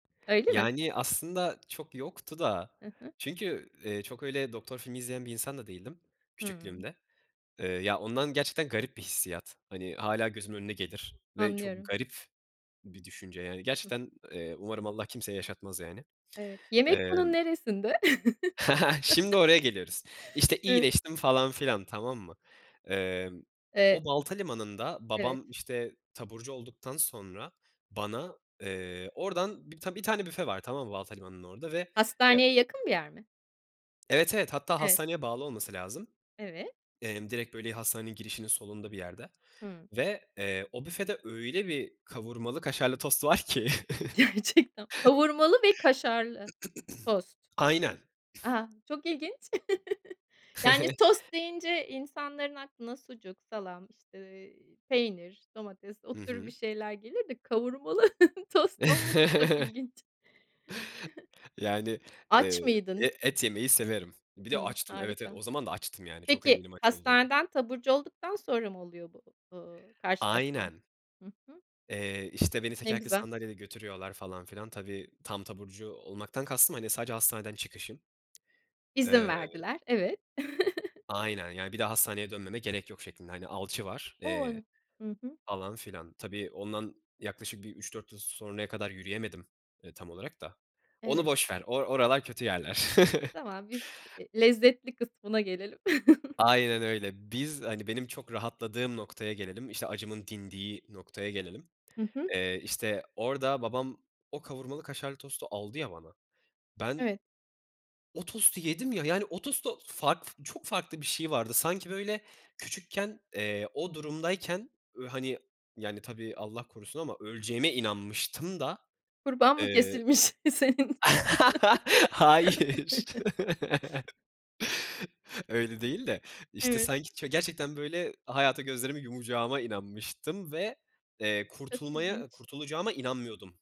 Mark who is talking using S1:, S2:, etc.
S1: Öyle mi?
S2: Yani aslında çok yoktu da
S1: Hı hı.
S2: çünkü, eee, çok öyle doktor filmi izleyen bir insan da değildim,
S1: Hımm.
S2: küçüklüğümde. Eee, ya, ondan gerçekten garip bir hissiyat. Hani, hâlâ gözümün önüne gelir ve çok
S1: Anlıyorum.
S2: garip bir düşünce, yani,
S1: Hı hı.
S2: gerçekten, eee, umarım Allah kimseye yaşatmaz yani.
S1: Evet. Yemek bunun
S2: Emm
S1: neresinde?
S2: Şimdi oraya geliyoruz, işte,
S1: Evet.
S2: iyileştim falan filan, tamam mı? Emm,
S1: Eee
S2: o Baltalimanı'nda
S1: Evet.
S2: babam, işte, taburcu olduktan sonra bana, eee, oradan bi bir tane büfe var, tamam mı? Baltalimanı'nın orada ve, eee
S1: Hastaneye yakın bir yer mi?
S2: Evet, evet. Hatta
S1: Evet.
S2: hastaneye bağlı olması lazım.
S1: Evet.
S2: Emm, direkt, böyle, hastanenin girişinin solunda bir yerde
S1: Hımm.
S2: ve, eee, o büfede öyle bir kavurmalı kaşarlı tost var ki.
S1: Gerçekten Kavurmalı ve kaşarlı tost.
S2: Aynen.
S1: A, çok ilginç! Yani tost deyince insanların aklına sucuk, salam, işte, eee, peynir domates o
S2: Hı
S1: tür bir
S2: hı.
S1: şeyler gelir de kavurmalı tost olması çok ilginç.
S2: Yani, eee,
S1: Aç mıydın?
S2: e et yemeyi severim. Bir de
S1: Hımm,
S2: açtım. Evet, evet.
S1: harika.
S2: O zaman da açtım. Yani çok
S1: Peki,
S2: eminim aç olduğuma.
S1: hastaneden taburcu olduktan sonra mı oluyor bu, ııı, karşılaşman?
S2: Aynen.
S1: Hı hı.
S2: Eee, işte, beni
S1: Ne
S2: tekerlekli
S1: güzel.
S2: sandalyede götürüyorlar falan filan. Tabii, tam taburcu olmaktan kastım, hani, sadece hastaneden çıkışım.
S1: İzin
S2: Eee
S1: verdiler. Evet.
S2: Aynen. Yani bir daha hastaneye dönmeme gerek yok şeklinde. Hani alçı var, eee,
S1: On Hı hı.
S2: falan filan. Tabii, ondan yaklaşık bir 3-4 yıl sonraya kadar yürüyemedim, eee, tam olarak da onu
S1: Evet.
S2: boş ver. O oralar kötü yerler.
S1: Tamam biz, eee, lezzetli kısmına gelelim.
S2: Aynen öyle. Biz, hani, benim çok rahatladığım noktaya gelelim, işte, acımın dindiği noktaya gelelim.
S1: Hı hı.
S2: Eee, işte, orada babam o kavurmalı kaşarlı tostu aldı ya bana, ben
S1: Evet.
S2: o tostu yedim ya. Yani o tostu farklı f çok farklı bir şey vardı sanki böyle küçükken, eee, o durumdayken, ııı, hani, yani tabii Allah korusun ama öleceğime inanmıştım da.
S1: Kurban mı
S2: Eee
S1: kesilmiş? Senin
S2: Hayır. Öyle değil de. İşte,
S1: Evet.
S2: sanki ç gerçekten böyle hayata gözlerimi yumacağıma inanmıştım ve, eee,
S1: Çok
S2: kurtulmaya
S1: ilginç.
S2: kurtulacağıma inanmıyordum.